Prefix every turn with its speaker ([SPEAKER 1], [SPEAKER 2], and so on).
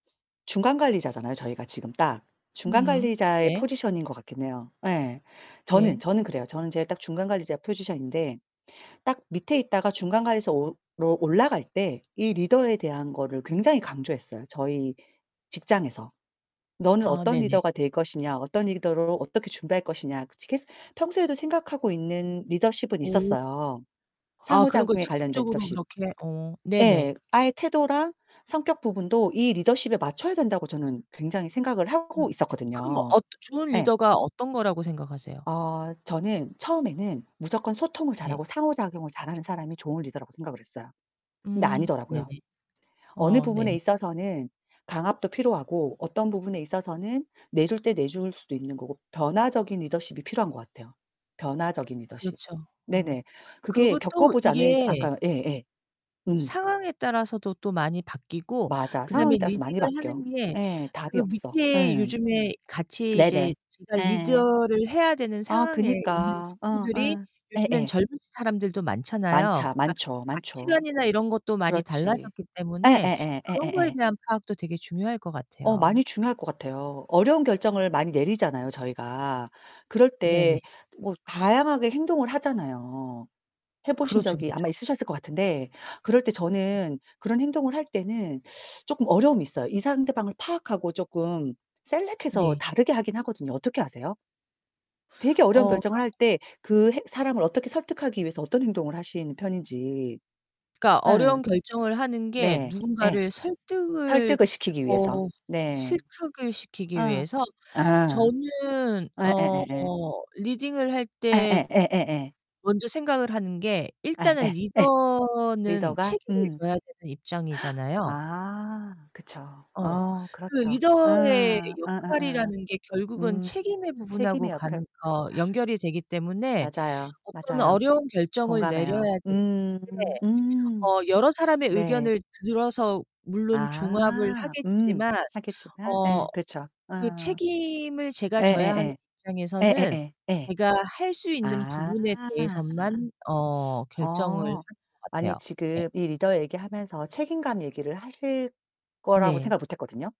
[SPEAKER 1] 중간 관리자잖아요, 저희가 지금 딱. 중간
[SPEAKER 2] 음.
[SPEAKER 1] 관리자의
[SPEAKER 2] 네.
[SPEAKER 1] 포지션인 것 같긴 해요. 예. 저는
[SPEAKER 2] 네.
[SPEAKER 1] 저는 그래요. 저는 제가 딱 중간 관리자 포지션인데 딱 밑에 있다가 중간 관리소로 올라갈 때 이 리더에 대한 거를 굉장히 강조했어요, 저희 직장에서. '너는
[SPEAKER 2] 아
[SPEAKER 1] 어떤
[SPEAKER 2] 네네.
[SPEAKER 1] 리더가 될 것이냐, 어떤 리더로 어떻게 준비할 할 것이냐?' 계속 평소에도 생각하고 있는 리더십은
[SPEAKER 2] 오.
[SPEAKER 1] 있었어요.
[SPEAKER 2] 아 그런 걸
[SPEAKER 1] 상호작용에 관련된
[SPEAKER 2] 직접적으로
[SPEAKER 1] 리더십.
[SPEAKER 2] 그렇게 어
[SPEAKER 1] 예.
[SPEAKER 2] 네네.
[SPEAKER 1] 아예 태도랑 성격 부분도 이 리더십에 맞춰야 된다고 저는 굉장히 생각을
[SPEAKER 2] 음.
[SPEAKER 1] 하고
[SPEAKER 2] 그러면
[SPEAKER 1] 있었거든요.
[SPEAKER 2] 어떤 좋은
[SPEAKER 1] 예.
[SPEAKER 2] 리더가 어떤 거라고 생각하세요?
[SPEAKER 1] 어 저는 처음에는 무조건 소통을
[SPEAKER 2] 네.
[SPEAKER 1] 잘하고 상호작용을 잘하는 사람이 좋은 리더라고 생각을 했어요. 근데
[SPEAKER 2] 음. 네네.
[SPEAKER 1] 아니더라고요. 어느
[SPEAKER 2] 어 네.
[SPEAKER 1] 부분에 있어서는 강압도 필요하고, 어떤 부분에 있어서는 내줄 때 내줄 수도 있는 거고, 변화적인 리더십이 필요한 것 같아요. 변화적인 리더십.
[SPEAKER 2] 그렇죠. 어.
[SPEAKER 1] 네네. 그게
[SPEAKER 2] 그러고 또
[SPEAKER 1] 겪어보지 않은 이상
[SPEAKER 2] 이게
[SPEAKER 1] 아까 예예. 음.
[SPEAKER 2] 상황에 따라서도 또 많이 바뀌고
[SPEAKER 1] 맞아.
[SPEAKER 2] 그다음에
[SPEAKER 1] 상황에 따라서 많이
[SPEAKER 2] 리딩을 하는
[SPEAKER 1] 바뀌어.
[SPEAKER 2] 게
[SPEAKER 1] 예. 답이
[SPEAKER 2] 그
[SPEAKER 1] 없어.
[SPEAKER 2] 밑에
[SPEAKER 1] 예.
[SPEAKER 2] 요즘에 같이 이제
[SPEAKER 1] 네네.
[SPEAKER 2] 제가
[SPEAKER 1] 예.
[SPEAKER 2] 리더를 해야 되는
[SPEAKER 1] 아
[SPEAKER 2] 상황에 있는
[SPEAKER 1] 그니까. 어
[SPEAKER 2] 친구들이
[SPEAKER 1] 어.
[SPEAKER 2] 요즘엔
[SPEAKER 1] 예예.
[SPEAKER 2] 젊은 사람들도 많잖아요.
[SPEAKER 1] 많쟈
[SPEAKER 2] 그니까
[SPEAKER 1] 많죠, 많죠.
[SPEAKER 2] 가치관이나 이런 것도 많이
[SPEAKER 1] 그렇지.
[SPEAKER 2] 달라졌기 때문에
[SPEAKER 1] 예예예
[SPEAKER 2] 그런 거에
[SPEAKER 1] 예예예.
[SPEAKER 2] 대한 파악도 되게 중요할 것
[SPEAKER 1] 어
[SPEAKER 2] 같아요.
[SPEAKER 1] 많이 중요할 것 같아요. 어려운 결정을 많이 내리잖아요, 저희가. 그럴
[SPEAKER 2] 네네.
[SPEAKER 1] 때 뭐 다양하게 행동을 하잖아요. 해 보신
[SPEAKER 2] 그렇죠,
[SPEAKER 1] 적이 아마
[SPEAKER 2] 그렇죠.
[SPEAKER 1] 있으셨을 것 같은데 그럴 때 저는 그런 행동을 할 때는 조금 어려움이 있어요. 이 상대방을 파악하고 쪼끔 셀렉해서
[SPEAKER 2] 네.
[SPEAKER 1] 다르게 하긴 하거든요. 어떻게 하세요? 되게 어려운
[SPEAKER 2] 어
[SPEAKER 1] 결정을 할
[SPEAKER 2] 그런
[SPEAKER 1] 때 그 해 사람을 어떻게 설득하기 위해서 어떤 행동을 하시는 편인지
[SPEAKER 2] 그니까
[SPEAKER 1] 예.
[SPEAKER 2] 어려운 결정을 하는 게
[SPEAKER 1] 네. 예.
[SPEAKER 2] 누군가를 설득을
[SPEAKER 1] 설득을 시키기 위해서.
[SPEAKER 2] 어
[SPEAKER 1] 네.
[SPEAKER 2] 실득을 시키기
[SPEAKER 1] 어.
[SPEAKER 2] 위해서?
[SPEAKER 1] 아.
[SPEAKER 2] 저는 어
[SPEAKER 1] 예예예예.
[SPEAKER 2] 리딩을 할
[SPEAKER 1] 예예
[SPEAKER 2] 때
[SPEAKER 1] 예예예.
[SPEAKER 2] 먼저 생각을 하는 게
[SPEAKER 1] 아
[SPEAKER 2] 일단은
[SPEAKER 1] 예. 예.
[SPEAKER 2] 리더는
[SPEAKER 1] 리더가?
[SPEAKER 2] 책임을
[SPEAKER 1] 음.
[SPEAKER 2] 져야 되는 입장이잖아요.
[SPEAKER 1] 아. 그쵸.
[SPEAKER 2] 어.
[SPEAKER 1] 어
[SPEAKER 2] 그
[SPEAKER 1] 그렇죠. 어.
[SPEAKER 2] 리더의
[SPEAKER 1] 어어어.
[SPEAKER 2] 역할이라는 게 결국은
[SPEAKER 1] 음.
[SPEAKER 2] 책임의 부분하고
[SPEAKER 1] 책임의
[SPEAKER 2] 가는
[SPEAKER 1] 역할.
[SPEAKER 2] 어 연결이 되기 때문에
[SPEAKER 1] 맞아요.
[SPEAKER 2] 어떤
[SPEAKER 1] 맞아요.
[SPEAKER 2] 어려운 결정을 내려야
[SPEAKER 1] 공감해요.
[SPEAKER 2] 될 때
[SPEAKER 1] 음. 음.
[SPEAKER 2] 어 여러 사람의
[SPEAKER 1] 네.
[SPEAKER 2] 의견을 들어서 물론 종합을
[SPEAKER 1] 아. 음.
[SPEAKER 2] 하겠지만
[SPEAKER 1] 하겠지만
[SPEAKER 2] 어
[SPEAKER 1] 예. 그렇죠.
[SPEAKER 2] 그
[SPEAKER 1] 어어.
[SPEAKER 2] 책임을 제가 져야 하는
[SPEAKER 1] 예예예.
[SPEAKER 2] 입장에서는
[SPEAKER 1] 예예예 예.
[SPEAKER 2] 제가 할 수 있는
[SPEAKER 1] 아.
[SPEAKER 2] 부분에 대해서만 어 결정을 하는
[SPEAKER 1] 어.
[SPEAKER 2] 것
[SPEAKER 1] 아니
[SPEAKER 2] 같아요. 예.
[SPEAKER 1] 지금 이 리더 얘기하면서 책임감 얘기를 하실 거라고
[SPEAKER 2] 네.
[SPEAKER 1] 생각을 못 했거든요.